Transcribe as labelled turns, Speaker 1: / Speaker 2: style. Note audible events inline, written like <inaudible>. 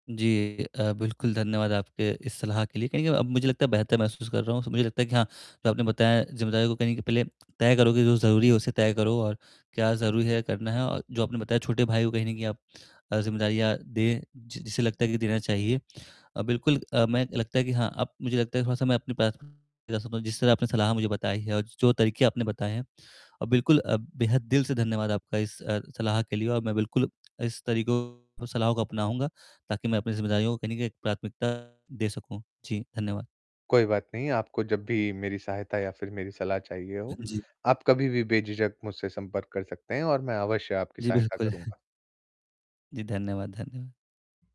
Speaker 1: जी अ, बिल्कुल। धन्यवाद आपके इस सलाह के लिए, कहीं न कहीं अब मुझे लगता है बेहतर महसूस कर रहा हूँ, तो मुझे लगता है कि हाँ, जो आपने बताया जिम्मेदारियों को कहीं न कहीं पहले तय करोगे जो ज़रूरी है, उसे तय करो और क्या ज़रूरी है करना है और जो आपने बताया छोटे भाई को अ, कहीं न कहीं आप अ, जिम्मेदारियाँ दें, जि जिसे लगता है कि देना चाहिए। अ, बिल्कुल अ, मैं लगता है कि हाँ, अब मुझे लगता है थोड़ा-सा मैं अपनी प्राथमिकता समझ जिस तरह आपने सलाह मुझे बताई है और जो तरीके आपने बताए हैं और बिल्कुल अ, बेहद दिल से धन्यवाद आपका इस अ, सलाह के लिए और मैं बिल्कुल इस तरीकों और सलाह को अपनाऊँगा ताकि मैं अपनी जिम्मेदारियों को कहीं न कहीं एक प्राथमिकता दे सकूँ। जी धन्यवाद।
Speaker 2: कोई बात नहीं, आपको जब भी मेरी सहायता या फिर मेरी सलाह चाहिए हो,
Speaker 1: हाँ जी।
Speaker 2: आप कभी भी बेझिझक मुझसे संपर्क कर सकते हैं और मैं अवश्य आपकी
Speaker 1: जी,
Speaker 2: सहायता
Speaker 1: बिल्कुल। <chuckles>
Speaker 2: करूँगा।
Speaker 1: जी, धन्यवाद धन्यवा